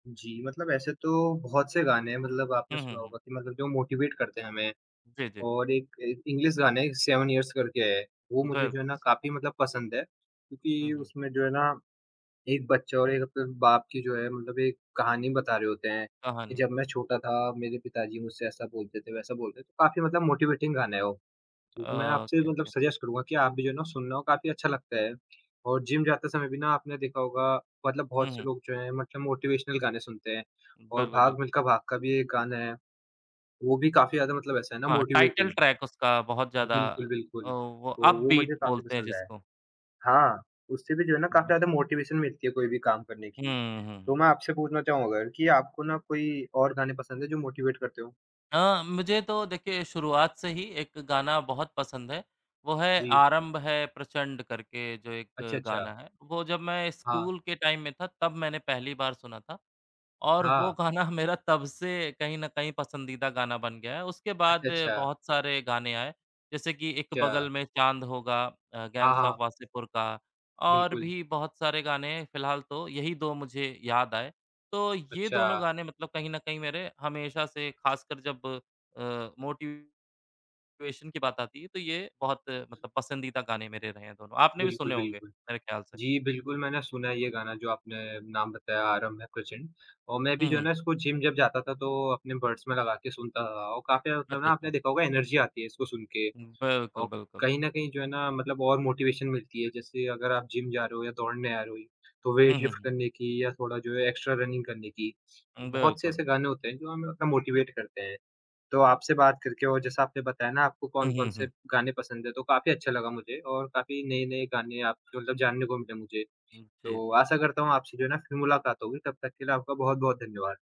जी, मतलब ऐसे तो बहुत से गाने हैं मतलब आपने हुँ, हुँ, सुना हुँ। होगा कि मतलब जो मोटीवेट करते हैं हमें। जी, जी। और एक ए इंग्लिश गाने सेवन इयर्स करके है, वो मुझे जो है बिल्कुल। ना काफ़ी मतलब पसंद है, हुँ, क्योंकि हुँ। उसमें जो है ना 1 बच्चा और 1 अपने बाप की जो है मतलब एक कहानी बता रहे होते हैं कि कहानी। जब मैं छोटा था मेरे पिताजी मुझसे ऐसा बोलते थे वैसा बोलते थे, काफ़ी मतलब मोटिवेटिंग गाना है वो। तो मैं अ, आपसे ओके, मतलब ओके। सजेस्ट करूँगा कि आप भी जो है ना सुनना वो काफ़ी अच्छा लगता है और जिम जाते समय भी ना आपने देखा होगा मतलब हुँ, बहुत से हुँ। लोग जो है मतलब मोटिवेशनल गाने सुनते हैं और बिल्कुल, बिल्कुल, भाग मिल्खा बिल्कुल। भाग का भी एक गाना है, वो भी काफ़ी ज़्यादा मतलब ऐसा है ना हाँ, टाइटल मोटिवेटिंग। ट्रैक उसका बहुत ज़्यादा बिल्कुल, अ, बिल्कुल, वो तो अप वो बीट मुझे काफ़ी बोलते हैं पसंद है। जिसको। हाँ, उससे भी जो है ना हुँ। काफ़ी हाँ। ज़्यादा मोटिवेशन मिलती है कोई भी काम करने हुँ, की, हुँ, तो हुँ, मैं हुँ। आपसे पूछना चाहूँ अगर कि आपको ना कोई और गाने पसंद है जो मोटिवेट करते हो? हाँ, मुझे तो देखिए शुरुआत से ही 1 गाना बहुत पसंद है, वो है जी। "आरंभ है प्रचंड" करके जो अच्छा, एक अच्छा। गाना है। वो जब मैं हाँ। स्कूल के टाइम में था तब मैंने पहली बार सुना था और वो हाँ। गाना मेरा तब से कहीं न कहीं पसंदीदा गाना बन गया है। उसके बाद अच्छा, अच्छा। बहुत सारे गाने आए जैसे कि "एक अच्छा। बगल में चाँद होगा", अ, हाँ, गैंग्स ऑफ हाँ। वासेपुर का, और बिल्कुल। भी बहुत सारे गाने फिलहाल तो यही 2 मुझे याद आए। तो ये दोनों अच्छा। गाने मतलब कहीं न कहीं मेरे हमेशा से ख़ासकर जब अ, मोटिवेशन की बात आती है तो ये बहुत मतलब पसंदीदा गाने मेरे रहे हैं दोनों, आपने भी बिल्कुल, सुने होंगे, बिल्कुल, मेरे ख्याल से। जी, बिल्कुल, मैंने सुना है ये गाना जो आपने नाम बताया आरंभ है प्रचंड औ मैं भी हुँ, जो है हुँ। ना इसको जिम जब जाता था तो अपने बड्स में लगा के सुनता था और काफ़ी ज़्यादा मतलब अच्छा, ना आपने अच्छा। देखा होगा एनर्जी आती है इसको सुनके, हुँ, बिल्कुल, औ बिल्कुल। कहीं न कहीं जो है ना मतलब और मोटिवेशन मिलती है जैसे अगर आप जिम जा रहे हो या दौड़ने आ रहे हो ही तो हुँ, वेट लिफ्ट हुँ। करने की या थोड़ा जो है एक्स्ट्रा रनिंग करने की, हुँ, बहुत से बिल्कुल। ऐसे गाने होते हैं जो हमें उतना मोटीवेट करते हैं। तो आपसे बात करके और जैसा आपने बताया ना आपको हुँ, कौन-कौन हुँ, से हुँ। गाने पसंद है तो काफ़ी अच्छा लगा मुझे और काफ़ी नए-नए गाने आप जो मतलब जानने को मिले मुझे, हुँ। जी, तो जी। आशा करता हूँ आपसे जो है ना फिर मुलाकात होगी तब तक के लिए आपका बहुत-बहुत धन्यवाद।